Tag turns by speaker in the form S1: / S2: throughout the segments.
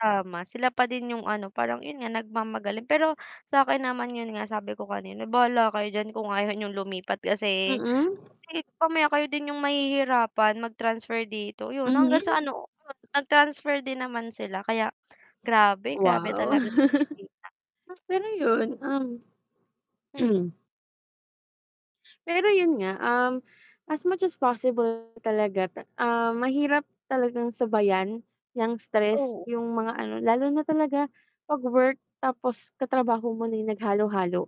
S1: Tama, sila pa din 'yong ano parang 'yon nga nagmamagaling, pero sa akin naman 'yon nga sabi ko kanina, "Bahala kayo diyan kung ayaw niyong lumipat kasi
S2: Mm.
S1: [unintelligible] mamaya kayo din 'yong mahihirapan mag-transfer dito," 'yon hanggang
S2: Mhm.
S1: sa ano, nag-transfer din naman sila kaya grabe, grabe
S2: Wow.
S1: talaga sa opisina.
S2: Pero yun, um
S1: Hmm.
S2: Pero yun nga, um, as much as possible talaga ta ah, mahirap talagang sabayan 'yang stress
S1: Oo.
S2: yung mga ano, lalo na talaga 'pag work tapos katrabaho mo na naghalo-halo,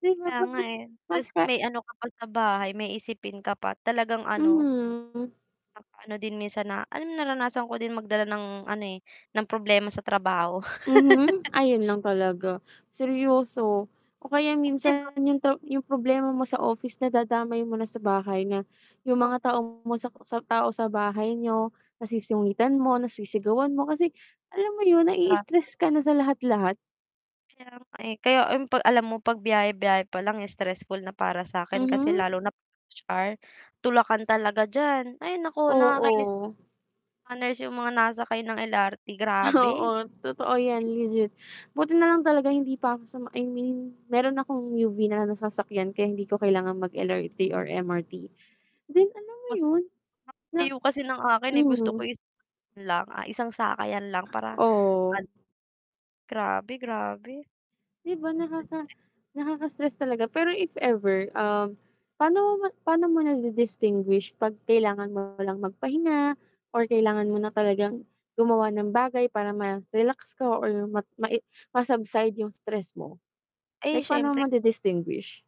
S2: 'di ba
S1: Kaya nga,
S2: [unintelligible]
S1: eh. Ta's
S2: mas ka
S1: may ano ka pa sa bahay, may isipin ka pa. Talagang ano
S2: Mhm.
S1: nakaka-ano din minsan na alam mo naranasan ko din magdala ng ano, eh, ng problema sa trabaho.
S2: Mhm. Ayun lang talaga. Seryoso. O kaya
S1: Oh, 'di ba?
S2: minsan yung to yung problema mo sa office nadadamay mo na sa bahay na, yung
S1: Oh.
S2: mga tao mo sa sa tao sa bahay niyo nasusungitan mo, nasisigawan mo kasi alam mo yun
S1: Ah.
S2: naii-stress ka na sa lahat-lahat.
S1: Kaya nga, eh. Kaya ay 'pag alam mo pagbiyahe-biyahe pa lang stressful na para sa'kin kasi
S2: Mhm.
S1: lalo na 'pag rush hour, tulakan talaga diyan. Ay naku, nakakainis.
S2: Oo.
S1: Mga nurse yung mga nasakay ng LRT,
S2: Oo,
S1: grabe.
S2: totoo 'yan, legit. Buti nalang talaga hindi pa ako sa I mean, meron akong UV na lang nasasakyan kaya hindi ko kailangan mag-LRT or MRT. Then alam mo
S1: Mas
S2: yun na
S1: [unintelligible] kasi ng akin, eh, gusto ko
S2: mhm.
S1: is lang, ah, isang sakay lang para an
S2: Oh.
S1: Grabe, grabe.
S2: 'Di ba nakaka nakaka-stress talaga, pero if ever, um, pa'no ma pa'no mo nadi-distinguish pag kailangan mo lang magpahinga or kailangan mo na talagang gumawa ng bagay para ma-relax ka or ma mae ma-subside yung stress mo.
S1: Ay
S2: Like pa'no mo
S1: siyempre.
S2: madi-distinguish?